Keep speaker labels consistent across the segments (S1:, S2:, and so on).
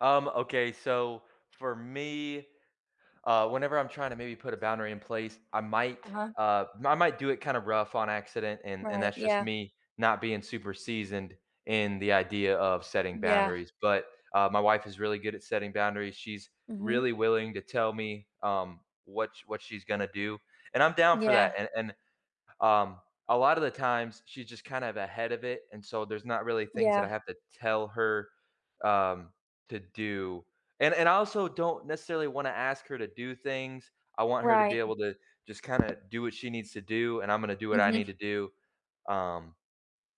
S1: Um, okay, so, for me, uh, whenever I'm trying to maybe put a boundary in place, I might,
S2: Uh-huh.
S1: uh, my might do it kinda rough on accident and and
S2: Right,
S1: that's just
S2: yeah.
S1: me not being super seasoned in the idea of setting
S2: Yeah.
S1: boundaries, but, uh, my wife is really good at setting boundaries, she's
S2: Mhm.
S1: really willing to tell me, um, what sh what she's gonna do. And I'm down for
S2: Yeah.
S1: that and and, um, a lotta the times she's just kind of ahead of it and so there's not really things that I
S2: Yeah.
S1: have to tell her, um, to do and and I also don't necessarily wanna ask her to do things, I want her to be
S2: Right.
S1: able to just kinda do what she needs to do and I'm gonna do what I need
S2: Mhm.
S1: to do, um,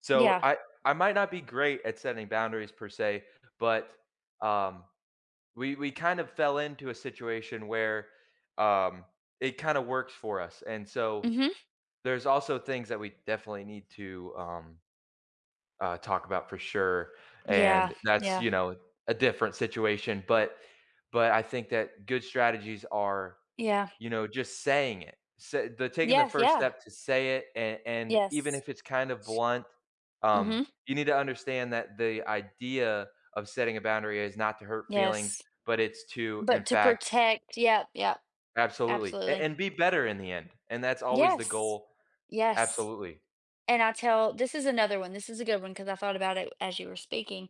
S1: so,
S2: Yeah.
S1: I I might not be great at setting boundaries per se, but, um, we we kinda fell into a situation where, um, it kinda works for us, and so,
S2: Mhm.
S1: there's also things that we definitely need to, um, uh, talk about for sure
S2: Yeah,
S1: and that's,
S2: yeah.
S1: you know, a different situation, but but I think that good strategies are,
S2: Yeah.
S1: you know, just saying it, s they're taking the
S2: Yes,
S1: first
S2: yeah.
S1: step to say it and and even
S2: Yes.
S1: if it's kinda blunt, um,
S2: Mhm.
S1: you need to understand that the idea of setting a boundary is not to hurt feelings,
S2: Yes.
S1: but, it's to, in
S2: But, to
S1: fact
S2: protect, yeah, yeah,
S1: Absolutely, a
S2: absolutely.
S1: and be better in the end, and that's always the
S2: Yes,
S1: goal,
S2: yes
S1: absolutely.
S2: and I tell this is another one, this is a good one 'cause I thought about it as you were speaking,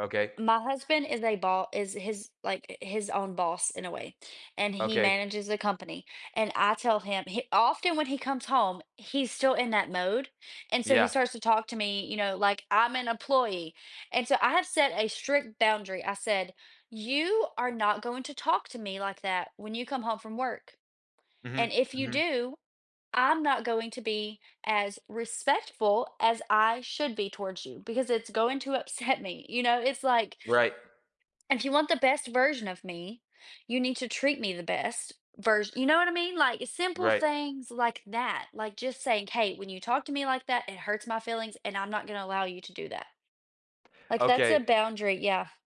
S1: Okay.
S2: my husband is a bo is his, like, uh, his own boss in a way, and he
S1: Okay.
S2: manages a company and I tell him, hi often when he comes home, he's still in that mode and so he
S1: Yeah.
S2: starts to talk to me, you know, like, I'm an employee and so I have set a strict boundary, I said, you are not going to talk to me like that when you come home from work
S1: Mhm,
S2: and if you
S1: mhm.
S2: do, I'm not going to be as respectful as I should be towards you because it's going to upset me, you know, it's, like
S1: Right.
S2: if you want the best version of me, you need to treat me the best vers you know what I mean, like, simple
S1: Right.
S2: things like that, like, just saying, “hey, when you talk to me like that, it hurts my feelings and I'm not gonna allow you to do that.” Like, that's a
S1: Okay.
S2: boundary, yeah.